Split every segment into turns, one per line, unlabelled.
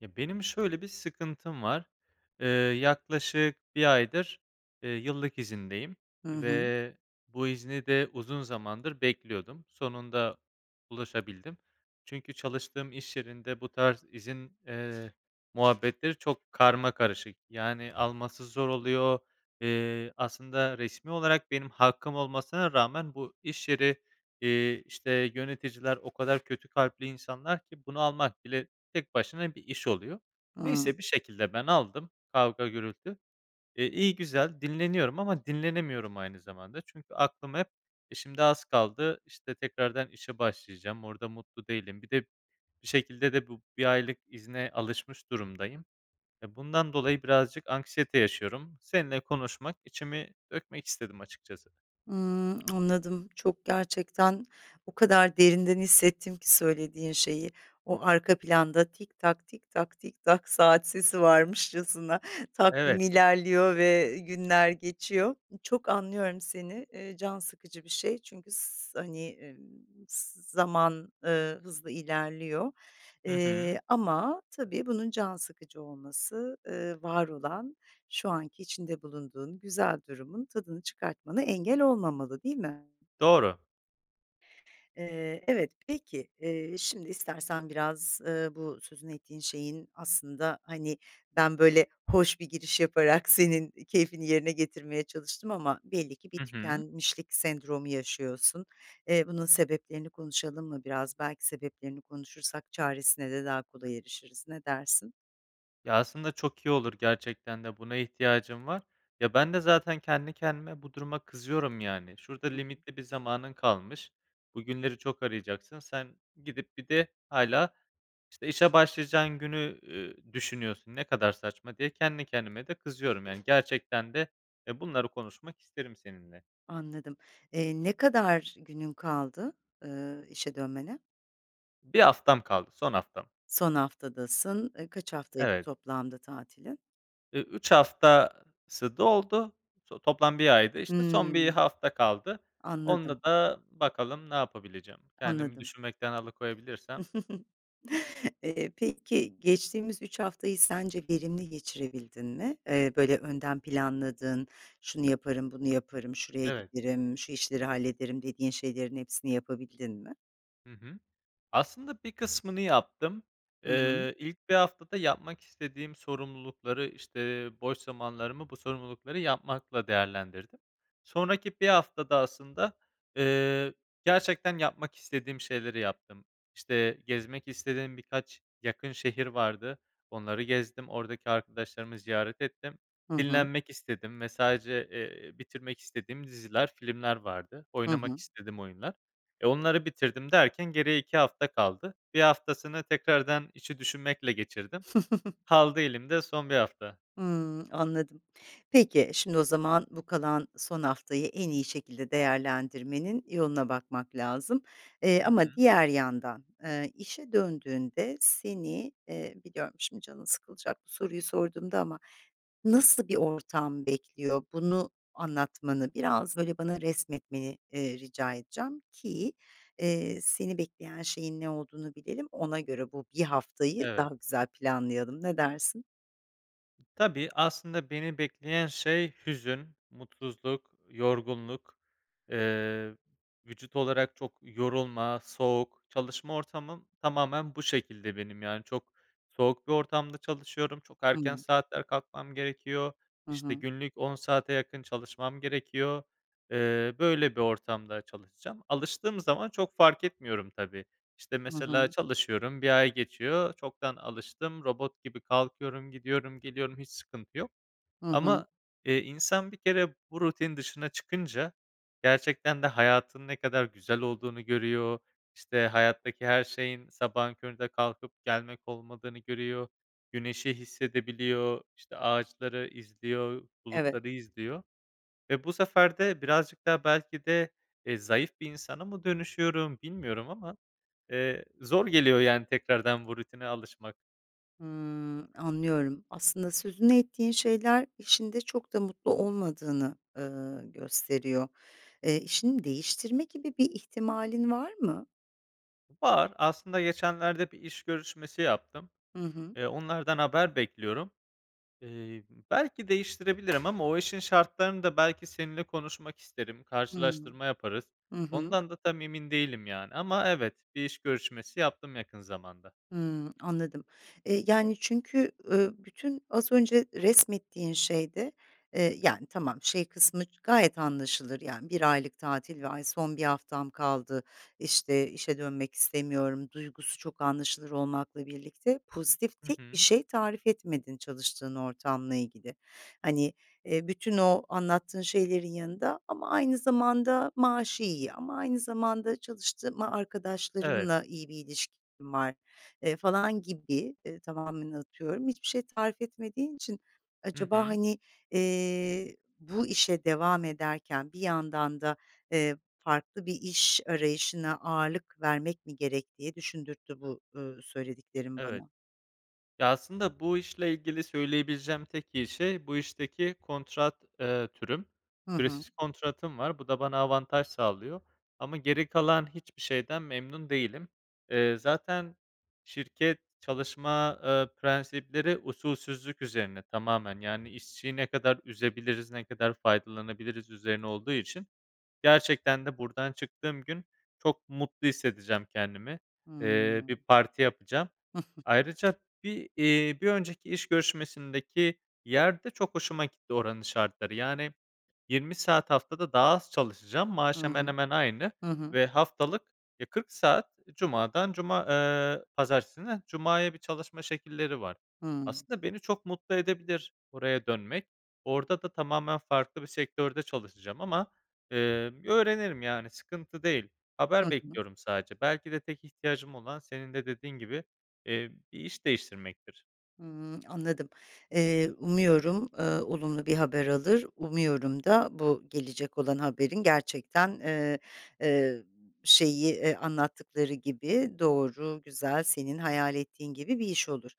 Ya, benim şöyle bir sıkıntım var. Eee, yaklaşık 1 aydır, eee, yıllık izindeyim
Hı hı.
ve bu izni de uzun zamandır bekliyordum. Sonunda ulaşabildim. Çünkü çalıştığım iş yerinde bu tarz izin, eee, muhabbetleri çok karmakarışık. Yani, alması zor oluyor. Eee, aslında resmî olarak benim hakkım olmasına rağmen bu iş yeri, eee, işte, yöneticiler o kadar kötü kalpli insanlar ki bunu almak bile tek başına bir iş oluyor.
Hıı.
Neyse, bir şekilde ben aldım, kavga, gürültü. Eee, iyi güzel dinleniyorum ama dinlenemiyorum aynı zamanda. Çünkü aklım hep, eee, şimdi az kaldı, işte, tekrardan işe başlayacağım. Orada mutlu değilim. Bir de, bir şekilde de bu 1 aylık izine alışmış durumdayım. Eee, bundan dolayı birazcık anksiyete yaşıyorum. Seninle konuşmak, içimi dökmek istedim açıkçası.
Hımm, anladım. Çok gerçekten o kadar derinden hissettim ki söylediğin şeyi. O arka planda tik tak, tik tak, tik tak saat sesi varmışçasına takvim
Evet.
ilerliyor ve günler geçiyor. Çok anlıyorum seni, eee, can sıkıcı bir şey çünkü s hani, emm, z zaman, ııı, hızla ilerliyor.
Hı hı.
Eee, ama tabii bunun can sıkıcı olması, ııı, var olan, şu anki içinde bulunduğun güzel durumun tadını çıkartmana engel olmamalı, değil mi?
Doğru.
Eee, evet, peki, eee, şimdi istersen biraz, ııı, bu sözünü ettiğin şeyin, aslında, hani, ben, böyle, hoş bir giriş yaparak senin keyfini yerine getirmeye çalıştım ama belli ki bir
Hı hı.
tükenmişlik sendromu yaşıyorsun. Eee, bunun sebeplerini konuşalım mı biraz? Belki sebeplerini konuşursak çaresine de daha kolay erişiriz. Ne dersin?
Ya, aslında, çok iyi olur gerçekten de buna ihtiyacım var, ya, bende, zaten, kendi kendime bu duruma kızıyorum, yani, "Şurada
Hı hı.
limitli bir zamanın kalmış. Bugünleri çok arayacaksın sen gidip bir de hâlâ, işte, işe başlayacağın günü, ııı, düşünüyorsun. Ne kadar saçma," diye kendi kendime de kızıyorum, yani, gerçekten de, eee, bunları konuşmak isterim seninle.
Anladım. Eee, ne kadar günün kaldı, ııı, işe dönmene?
1 haftam kaldı, son haftam.
Son haftadasın. Iıı, kaç haftaydı
Evet.
toplamda tatilin?
Eee, 3 haftası doldu so toplam 1 aydı, işte, son 1
Hıı.
hafta kaldı.
Anladım.
Onunla da bakalım ne yapabileceğim. Kendimi
Anladım.
düşünmekten alıkoyabilirsem.
Eee, peki, geçtiğimiz 3 haftayı sence verimli geçirebildin mi? Eee, böyle, önden planladığın, "Şunu yaparım, bunu yaparım, şuraya
Evet.
giderim, şu işleri hallederim," dediğin şeylerin hepsini yapabildin mi?
Hı hı. Aslında, bir kısmını yaptım,
Hı hı.
ııı, ilk 1 haftada yapmak istediğim sorumlulukları, işte, boş zamanlarımı bu sorumlulukları yapmakla değerlendirdim. Sonraki 1 haftada, aslında, ııı, gerçekten yapmak istediğim şeyleri yaptım. İşte, gezmek istediğim birkaç yakın şehir vardı, onları gezdim. Oradaki arkadaşlarımı ziyaret ettim,
Hı hı.
dinlenmek istedim ve sadece, eee, bitirmek istediğim diziler, filmler vardı.
Hı
Oynamak
hı.
istediğim oyunlar, e, onları bitirdim derken geriye 2 hafta kaldı. 1 haftasını tekrardan işi düşünmekle geçirdim. Kaldı elimde son 1 hafta.
Hımm. Anladım. Peki, şimdi o zaman bu kalan son haftayı en iyi şekilde değerlendirmenin yoluna bakmak lazım, ııı,
Hı
ama
hı.
diğer yandan, ııı, işe döndüğünde seni, ııı, biliyorum şimdi canın sıkılacak bu soruyu sorduğumda ama nasıl bir ortam bekliyor, bunu anlatmanı biraz, böyle, bana resmetmeni, ııı, rica edeceğim ki, ııı, seni bekleyen şeyin ne olduğunu bilelim, ona göre bu 1 haftayı
Evet.
daha güzel planlayalım, ne dersin?
Tabii. Aslında beni bekleyen şey hüzün, mutsuzluk, yorgunluk. Eee, vücut olarak çok yorulma, soğuk Çalışma ortamım tamamen bu şekilde benim. Yani, çok soğuk bir ortamda çalışıyorum. Çok
Hı
erken
hı.
saatler kalkmam gerekiyor.
Hı
İşte,
hı.
günlük 10 saate yakın çalışmam gerekiyor. Eee, böyle bir ortamda çalışacağım. Alıştığım zaman çok fark etmiyorum tabii, işte,
Hı
mesela
hı.
çalışıyorum, 1 ay geçiyor, çoktan alıştım. Robot gibi kalkıyorum, gidiyorum, geliyorum, hiç sıkıntı yok.
Hı hı.
Ama, eee, insan bir kere bu rutinin dışına çıkınca gerçekten de hayatın ne kadar güzel olduğunu görüyor. İşte, hayattaki her şeyin sabahın köründe kalkıp gelmek olmadığını görüyor. Güneşi hissedebiliyor, işte, ağaçları izliyor,
Evet.
bulutları izliyor ve bu sefer de birazcık daha belki de, eee, zayıf bir insana mı dönüşüyorum, bilmiyorum ama. Eee, zor geliyor, yani, tekrardan bu rutine alışmak.
Hımm. Anlıyorum. Aslında sözünü ettiğin şeyler işinde çok da mutlu olmadığını, ııı, gösteriyor. Eee, işini değiştirme gibi bir ihtimalin var mı?
Var. Aslında geçenlerde bir iş görüşmesi yaptım.
Hı hı.
Eee, onlardan haber bekliyorum. Eee, ımm, belki değiştirebilirim ama o işin şartlarını da belki seninle konuşmak isterim,
Hımm.
karşılaştırma yaparız.
Hı hı.
Ondan da tam emin değilim, yani, ama evet, bir iş görüşmesi yaptım yakın zamanda.
Hımm, anladım. Eee, yani, çünkü, ııı, bütün az önce resmettiğin şeyde, eee, yani, tamam, şey kısmı gayet anlaşılır. Yani, 1 aylık tatil ve, "Ay, son 1 haftam kaldı, işte, işe dönmek istemiyorum." duygusu çok anlaşılır olmakla birlikte pozitif
Hı
tek
hı.
şey tarif etmedin çalıştığın ortamla ilgili. Hani, eee, bütün o anlattığın şeylerin yanında, "Ama aynı zamanda maaşı iyi, ama aynı zamanda çalıştığım a
Evet.
arkadaşlarımla iyi bir ilişkim var." eee, falan gibi eee, tamamen atıyorum, hiçbir şey tarif etmediğin için,
Hı
acaba,
hı.
hani, eee, "Bu işe devam ederken bir yandan da, eee, farklı bir iş arayışına ağırlık vermek mi gerek?" diye düşündürttü bu, ııı, söylediklerin
Evet.
bana.
Ya, aslında bu işle ilgili söyleyebileceğim tek iyi şey, bu işteki kontrat, eee, türüm.
Hı hı.
Süresiz kontratım var, bu da bana avantaj sağlıyor ama geri kalan hiçbir şeyden memnun değilim. Eee, zaten şirket çalışma, eee, prensipleri usulsüzlük üzerine tamamen, yani, işçiyi ne kadar üzebiliriz, ne kadar faydalanabiliriz üzerine olduğu için, gerçekten de buradan çıktığım gün çok mutlu hissedeceğim kendimi. Eee,
Hımm.
bir parti yapacağım. Ayrıca bir eee, bir önceki iş görüşmesindeki yer de çok hoşuma gitti. Oranın şartları. Yani, 20 saat haftada daha az çalışacağım,
Hı
maaş hemen
hı.
hemen aynı
Hı hı.
ve haftalık, eee, 40 saat cumadan cuma eee, pazartesinden cumaya bir çalışma şekilleri var.
Hımm.
Aslında beni çok mutlu edebilir oraya dönmek. Orada da tamamen farklı bir sektörde çalışacağım ama, emm, öğrenirim, yani, sıkıntı değil.
Hı
Haber
hı.
bekliyorum sadece. Belki de tek ihtiyacım olan senin de dediğin gibi, eee, bir iş değiştirmektir.
Hımm, anladım. Eee, umuyorum, ııı, olumlu bir haber alır, umuyorum da bu gelecek olan haberin gerçekten, ııı, ııı, şeyi, ııı, anlattıkları gibi doğru, güzel, senin hayal ettiğin gibi bir iş olur.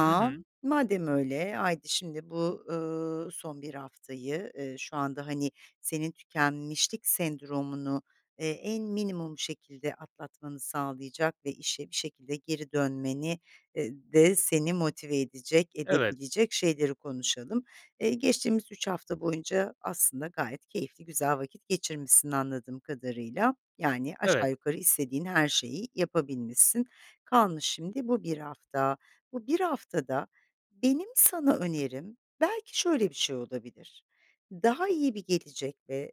Hı hı.
madem öyle, haydi şimdi bu, ııı, son bir haftayı, ııı, şu anda, hani, senin tükenmişlik sendromunu, eee, en minimum şekilde atlatmanı sağlayacak ve işe bir şekilde geri dönmeni eee, de seni motive edecek,
Evet.
edebilecek şeyleri konuşalım. Eee, geçtiğimiz 3 hafta boyunca aslında gayet keyifli, güzel vakit geçirmişsin, anladığım kadarıyla. Yani,
Evet.
aşağı yukarı istediğin her şeyi yapabilmişsin. Kalmış şimdi bu 1 hafta. Bu bir haftada benim sana önerim belki şöyle bir şey olabilir, daha iyi bir gelecek ve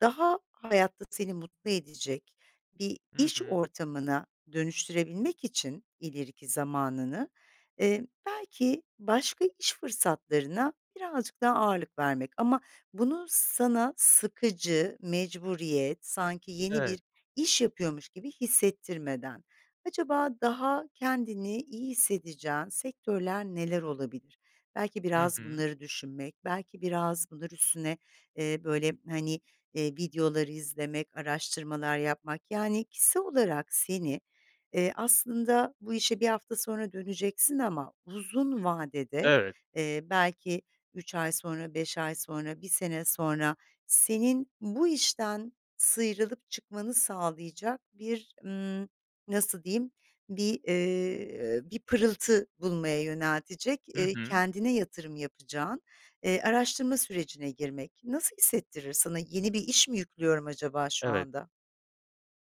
daha hayatta seni mutlu edecek bir
Hı
iş
hı.
ortamına dönüştürebilmek için ileriki zamanını, eee, belki başka iş fırsatlarına birazcık daha ağırlık vermek. Ama bunu sana sıkıcı, mecburiyet, sanki yeni
Evet.
bir iş yapıyormuş gibi hissettirmeden. Acaba daha kendini iyi hissedeceğin sektörler neler olabilir? Belki
Hı
biraz
hı.
bunları düşünmek, belki biraz bunlar üstüne, eee, böyle, hani, eee, videolar izlemek, araştırmalar yapmak. Yani, kişisel olarak seni, eee, aslında bu işe 1 hafta sonra döneceksin ama uzun vadede,
Evet.
eee, belki 3 ay sonra, 5 ay sonra, 1 sene sonra senin bu işten sıyrılıp çıkmanı sağlayacak bir, ımm, nasıl diyeyim, bir, ııı, bir pırıltı bulmaya yöneltecek,
Hı
eee,
hı.
kendine yatırım yapacağın, eee, araştırma sürecine girmek. Nasıl hissettirir sana? Yeni bir iş mi yüklüyorum acaba şu
Evet.
anda?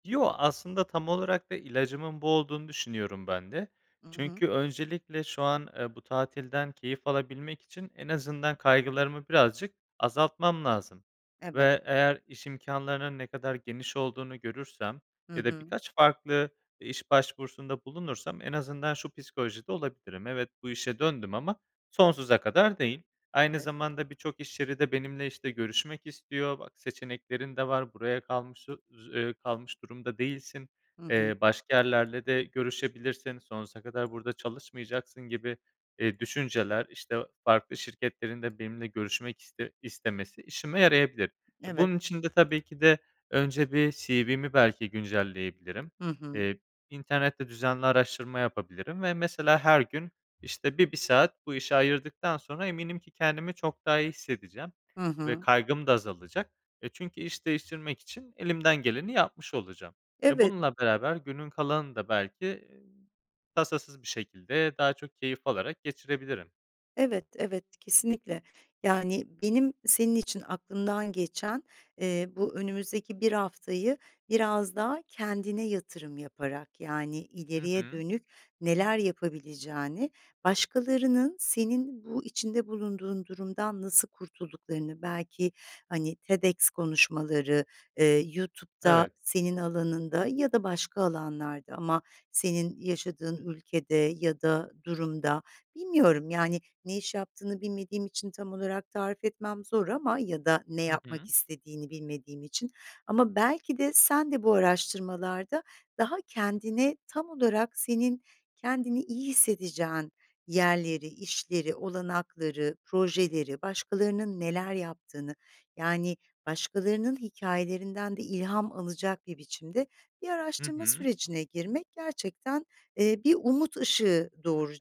Yo, aslında tam olarak da ilacımın bu olduğunu düşünüyorum ben de.
I hı.
Çünkü öncelikle şu an, eee, bu tatilden keyif alabilmek için en azından kaygılarımı birazcık azaltmam lazım.
Evet.
Ve eğer iş imkânlarının ne kadar geniş olduğunu görürsem
Hı
ya da
hı.
birkaç farklı iş başvurusunda bulunursam en azından şu psikolojide olabilirim; evet, bu işe döndüm ama sonsuza kadar değil. Aynı
[unintelligible]
zamanda birçok iş yeri de benimle, işte, görüşmek istiyor, bak seçeneklerin de var, buraya kalmışı j eee, kalmış durumda değilsin.
Hı hı.
Eee, başka yerlerle de görüşebilirsin, sonsuza kadar burada çalışmayacaksın gibi, eee, düşünceler, işte, o farklı şirketlerin de benimle görüşmek iste istemesi işime yarayabilir. Eee,
Evet.
bunun için de tabii ki de önce bir CV'mi belki güncelleyebilirim.
Hı hı.
Eee, internette düzenli araştırma yapabilirim ve mesela her gün, işte, bir 1 saat bu işe ayırdıktan sonra eminim ki kendimi çok daha iyi hissedeceğim
Hı
ve
hı.
kaygım da azalacak. E, çünkü iş değiştirmek için elimden geleni yapmış olacağım. Eee,
Evet.
bununla beraber günün kalanını da belki, iii, tasasız bir şekilde daha çok keyif alarak geçirebilirim.
Evet, evet. Kesinlikle. Yani, benim senin için aklımdan geçen, eee, bu önümüzdeki 1 haftayı biraz daha kendine yatırım yaparak, yani,
Hı
ileriye
hı.
dönük neler yapabileceğini, başkalarının senin bu içinde bulunduğun durumdan nasıl kurtulduklarını belki, hani, TEDx konuşmaları, eee, YouTube'da
Evet.
senin alanında ya da başka alanlarda ama senin yaşadığın ülkede ya da durumda Bilmiyorum, yani, ne iş yaptığını bilmediğim için tam olarak tarif etmem zor ama ya da ne
Hı
yapmak
hı.
istediğini bilmediğim için ama belki de sen de bu araştırmalarda daha kendini tam olarak senin kendini iyi hissedeceğin yerleri, işleri, olanakları, projeleri başkalarının neler yaptığını, yani, başkalarının hikâyelerinden de ilham alacak bir biçimde bir
Hı
araştırma
hı.
sürecine girmek gerçekten, eee, bir umut ışığı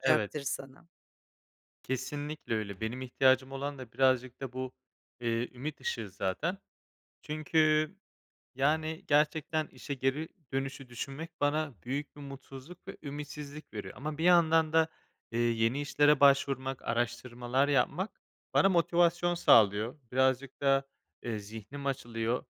Evet.
sana.
Kesinlikle öyle. Benim ihtiyacım olan da birazcık da bu, eee, ümit ışığı zaten. Çünkü, yani, gerçekten işe geri dönüşü düşünmek bana büyük bir mutsuzluk ve ümitsizlik veriyor. Ama bir yandan da, eee, yeni işlere başvurmak, araştırmalar yapmak bana motivasyon sağlıyor. Birazcık da, eee, zihnim açılıyor.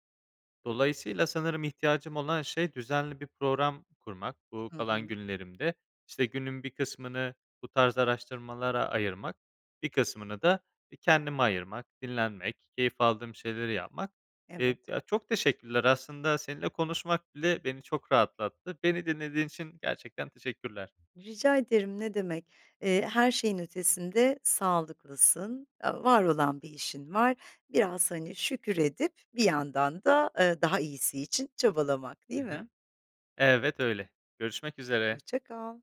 Dolayısıyla sanırım ihtiyacım olan şey düzenli bir program kurmak bu
Hı
kalan
hı.
günlerimde. İşte, günün bir kısmını bu tarz araştırmalara ayırmak, bir kısmını da i kendime ayırmak, dinlenmek, keyif aldığım şeyleri yapmak. Eee,
Evet.
ya, çok teşekkürler. Aslında seninle konuşmak bile beni çok rahatlattı. Beni dinlediğin için gerçekten teşekkürler.
Rica ederim, ne demek. Eee, her şeyin ötesinde sağlıklısın. A var olan bir işin var. Biraz, hani, şükür edip bir yandan da, eee, daha iyisi için çabalamak,
Hı
değil mi?
hı. Evet, öyle. Görüşmek üzere.
Hoşça kal.